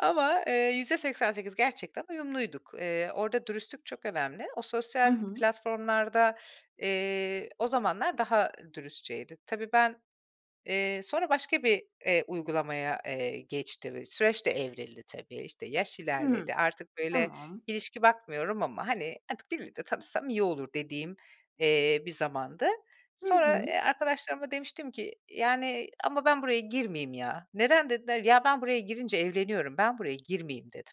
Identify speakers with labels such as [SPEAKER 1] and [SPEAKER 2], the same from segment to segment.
[SPEAKER 1] Ama, eee, %88 gerçekten uyumluyduk. Eee, orada dürüstlük çok önemli. O
[SPEAKER 2] Hı
[SPEAKER 1] sosyal
[SPEAKER 2] hı.
[SPEAKER 1] platformlarda, eee, o zamanlar daha dürüstçeydi. Tabii, ben, eee, sonra başka bir, eee, uygulamaya, eee, geçtim, süreç de evrildi tabii. İşte, yaş
[SPEAKER 2] Hı hı,
[SPEAKER 1] ilerledi. Artık, böyle,
[SPEAKER 2] tamam.
[SPEAKER 1] ilişki bakmıyorum ama, hani, "Artık biriyle de tanışsam iyi olur." dediğim, eee, bir zamandı.
[SPEAKER 2] Hı
[SPEAKER 1] Sonra,
[SPEAKER 2] hı.
[SPEAKER 1] eee, arkadaşlarıma demiştim ki, "Yani, ama ben buraya girmeyeyim ya." "Neden?" dediler. "Ya, ben buraya girince evleniyorum, ben buraya girmeyeyim." dedim.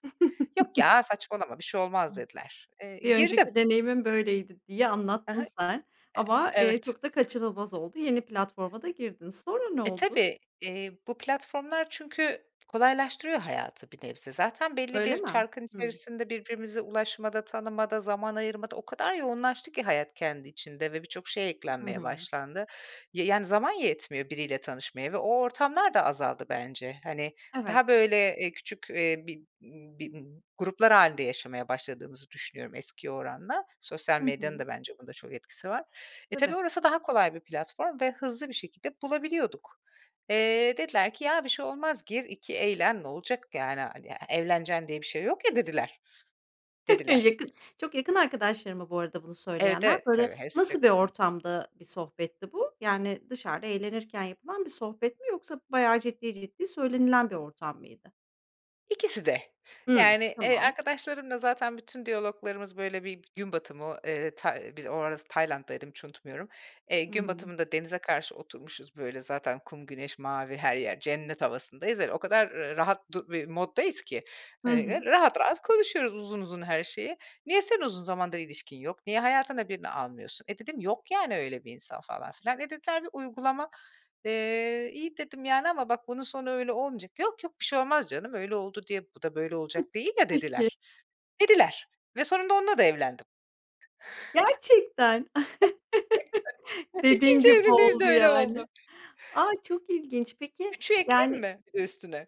[SPEAKER 1] "Yok ya, saçmalama bir şey
[SPEAKER 2] Hıı.
[SPEAKER 1] olmaz." dediler. Eee,
[SPEAKER 2] "Bir
[SPEAKER 1] girdim.
[SPEAKER 2] önceki deneyimim böyleydi." diye
[SPEAKER 1] Ha
[SPEAKER 2] anlattın
[SPEAKER 1] ha.
[SPEAKER 2] sen ama,
[SPEAKER 1] Eee
[SPEAKER 2] eee,
[SPEAKER 1] Evet.
[SPEAKER 2] çok da kaçınılmaz oldu. Yeni platforma da girdin. Sonra ne
[SPEAKER 1] E,
[SPEAKER 2] oldu?
[SPEAKER 1] tabii, eee, bu platformlar çünkü kolaylaştırıyor hayatı bir nebze. Zaten belli
[SPEAKER 2] Öyle
[SPEAKER 1] bir
[SPEAKER 2] mi?
[SPEAKER 1] çarkın
[SPEAKER 2] Hımm.
[SPEAKER 1] içerisinde, birbirimize ulaşmada, tanımada, zaman ayırmada o kadar yoğunlaştı ki hayat kendi içinde ve birçok şey
[SPEAKER 2] Hı
[SPEAKER 1] eklenmeye
[SPEAKER 2] hı.
[SPEAKER 1] başlandı. Y yani zaman yetmiyor biriyle tanışmaya ve o ortamlar da azaldı bence. Hani,
[SPEAKER 2] Evet.
[SPEAKER 1] daha, böyle, eee, küçük, eee, bir bir gruplar hâlinde yaşamaya başladığımızı düşünüyorum eskiye oranla. Sosyal
[SPEAKER 2] Hı
[SPEAKER 1] medyanın
[SPEAKER 2] hı.
[SPEAKER 1] da bence bunda çok etkisi var. E, tabii,
[SPEAKER 2] Tabii.
[SPEAKER 1] orası daha kolay bir platform ve hızlı bir şekilde bulabiliyorduk. Eee, dediler ki, "Ya, bir şey olmaz gir, iki eğlen, ne olacak yani. Hani e evleneceksin diye bir şey yok ya." dediler, dediler.
[SPEAKER 2] Yakın çok yakın arkadaşların mı, bu arada bunu
[SPEAKER 1] Evet,
[SPEAKER 2] söyleyenler?
[SPEAKER 1] evet,
[SPEAKER 2] Böyle,
[SPEAKER 1] tabii, hepsi çok
[SPEAKER 2] nasıl bir
[SPEAKER 1] yakın.
[SPEAKER 2] ortamda bir sohbetti bu? Yani dışarıda eğlenirken yapılan bir sohbet mi? Yoksa bayağı ciddi, ciddi, söylenilen bir ortam mıydı?
[SPEAKER 1] İkisi de,
[SPEAKER 2] Hımm.
[SPEAKER 1] yani, eee,
[SPEAKER 2] Tamam.
[SPEAKER 1] arkadaşlarımla zaten bütün diyaloglarımız, böyle, bir gün batımı, eee, ta biz o ara s Tayland'daydım hiç unutmuyorum. Eee,
[SPEAKER 2] Hı
[SPEAKER 1] gün
[SPEAKER 2] hı.
[SPEAKER 1] batımında denize karşı oturmuşuz, böyle, zaten kum, güneş, mavi her yer, cennet havasındayız, böyle, o kadar, ııı, rahat du bir moddayız ki,
[SPEAKER 2] Hı
[SPEAKER 1] hani, ııı,
[SPEAKER 2] hı.
[SPEAKER 1] rahat rahat konuşuyoruz uzun uzun her şeyi. "Niye senin uzun zamandır ilişkin yok? Niye hayatına birini almıyorsun?" E, dedim, "Yok, yani, öyle bir insan." falan filan. E, dediler, "Bir uygulama" eee, "İyi," dedim, "yani, ama bak, bunun sonu öyle olmayacak." "Yok, yok, bir şey olmaz canım. Öyle oldu diye, bu da böyle
[SPEAKER 2] Hıh.
[SPEAKER 1] olacak değil ya."
[SPEAKER 2] Peki.
[SPEAKER 1] dediler. Dediler ve sonunda onunla da evlendim.
[SPEAKER 2] Gerçekten!
[SPEAKER 1] [unintelligible]
[SPEAKER 2] Dediğin
[SPEAKER 1] 2'nci
[SPEAKER 2] gibi
[SPEAKER 1] evliliğim de
[SPEAKER 2] oldu
[SPEAKER 1] öyle
[SPEAKER 2] yani.
[SPEAKER 1] oldu.
[SPEAKER 2] A, çok ilginç. Peki
[SPEAKER 1] 3'ü ekleyeyim
[SPEAKER 2] yani
[SPEAKER 1] mi bir de üstüne?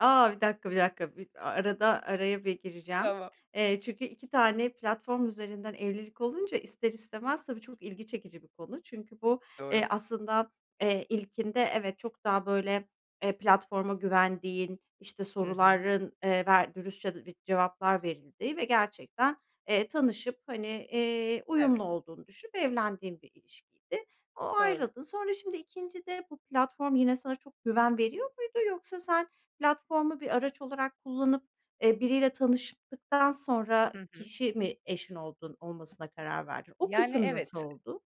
[SPEAKER 2] A! Bir dakika, bir dakika, bir a arada araya bir gireceğim.
[SPEAKER 1] Tamam.
[SPEAKER 2] Eee, çünkü 2 tane platform üzerinden evlilik olunca, ister istemez, tabii, çok ilgi çekici bir konu. Çünkü bu,
[SPEAKER 1] Doğru.
[SPEAKER 2] eee, aslında, eee, ilkinde, evet, çok daha, böyle, eee, platforma güvendiğin, işte,
[SPEAKER 1] Hı hı.
[SPEAKER 2] soruların, eee, ver dürüstçe ve cevaplar verildiği ve gerçekten, eee, tanışıp, hani, eee,
[SPEAKER 1] Evet.
[SPEAKER 2] uyumlu olduğunu düşünüp evlendiğin bir ilişkiydi. O
[SPEAKER 1] Doğru.
[SPEAKER 2] ayrıldın. Sonra, şimdi, 2'ncide bu platform yine sana çok güven veriyor muydu? Yoksa sen platformu bir araç olarak kullanıp, eee, biriyle tanıştıktan sonra
[SPEAKER 1] Hı hı.
[SPEAKER 2] kişi mi eşin oldun olmasına karar verdin? O
[SPEAKER 1] Yani,
[SPEAKER 2] kısım nasıl
[SPEAKER 1] evet.
[SPEAKER 2] oldu?